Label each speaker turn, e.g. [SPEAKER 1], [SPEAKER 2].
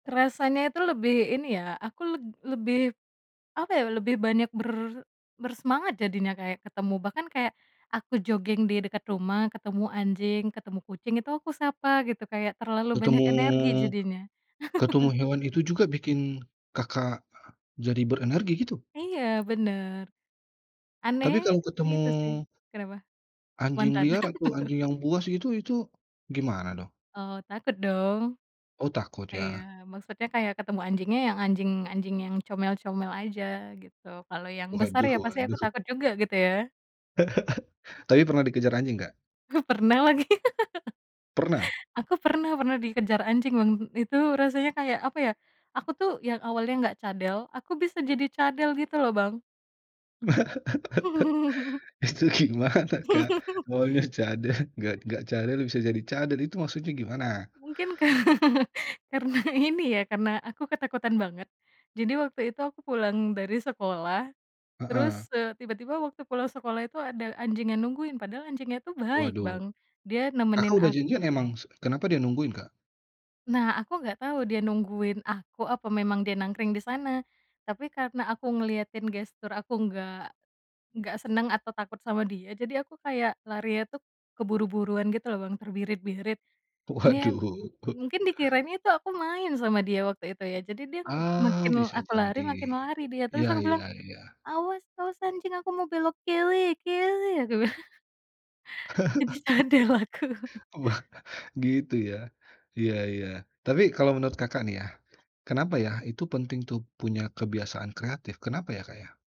[SPEAKER 1] Rasanya itu lebih ini ya aku leb lebih, apa ya, lebih banyak ber bersemangat jadinya kayak ketemu bahkan kayak, aku jogging di dekat rumah ketemu anjing, ketemu kucing itu aku sapa gitu kayak terlalu banyak
[SPEAKER 2] Ketemu
[SPEAKER 1] energi jadinya.
[SPEAKER 2] ketemu hewan itu juga bikin, Kakak, jadi berenergi gitu?
[SPEAKER 1] Iya benar. Aneh,
[SPEAKER 2] Tapi kalau ketemu
[SPEAKER 1] gitu sih kenapa?
[SPEAKER 2] anjing
[SPEAKER 1] Mantan
[SPEAKER 2] liar atau anjing yang buas itu itu gimana dong?
[SPEAKER 1] Oh takut dong.
[SPEAKER 2] Oh takut
[SPEAKER 1] Iya
[SPEAKER 2] ya.
[SPEAKER 1] maksudnya kayak ketemu anjingnya yang anjing-anjing yang comel-comel aja gitu. Kalau yang besar,
[SPEAKER 2] Waduh
[SPEAKER 1] ya pasti aku
[SPEAKER 2] waduh.
[SPEAKER 1] takut juga gitu ya.
[SPEAKER 2] Tapi pernah dikejar anjing enggak?
[SPEAKER 1] Huh, pernah lagi.
[SPEAKER 2] Pernah?
[SPEAKER 1] Aku pernah, pernah dikejar anjing, Bang, itu rasanya kayak apa ya, aku tuh yang awalnya enggak cadel, aku bisa jadi cadel gitu loh, Bang.
[SPEAKER 2] Itu gimana, Kak? Maunya cadel, enggak enggak cadel bisa jadi cadel itu maksudnya gimana?
[SPEAKER 1] Mungkin ka karena ini ya, karena aku ketakutan banget. Jadi waktu itu aku pulang dari sekolah,
[SPEAKER 2] Heeh.
[SPEAKER 1] terus, eee, tiba tiba waktu pulang sekolah itu ada anjing yang nungguin padahal anjingnya tuh baik,
[SPEAKER 2] Waduh.
[SPEAKER 1] Bang, dia
[SPEAKER 2] Kakak
[SPEAKER 1] nemenin
[SPEAKER 2] udah
[SPEAKER 1] aku.
[SPEAKER 2] janjian emang se kenapa dia nungguin, Kak?
[SPEAKER 1] Nah, aku enggak tau dia nungguin aku apa memang dia nangkring di sana. Tapi karena aku ngeliatin gestur aku enggak, enggak senang atau takut sama dia. Jadi aku kayak larinya tuh, keburu buruan gitu loh, Bang, terbirit birit. Niat
[SPEAKER 2] Waduh.
[SPEAKER 1] mungkin dikiranya tu aku main sama dia waktu itu ya jadi dia m makin
[SPEAKER 2] Ah
[SPEAKER 1] l
[SPEAKER 2] bisa
[SPEAKER 1] aku lari
[SPEAKER 2] jadi.
[SPEAKER 1] makin lari dia. Terus
[SPEAKER 2] Ya
[SPEAKER 1] aku bilang,
[SPEAKER 2] ya ya.
[SPEAKER 1] "Awas awas anjing aku mau belok kili, kili," aku bilang. Jadi cadel aku.
[SPEAKER 2] [unintelligible] Wah gitu ya, ya ya. Tapi kalau menurut, Kakak nih ya, kenapa yah itu penting tuh punya kebiasaan kreatif kenapa ya, Kak, ya?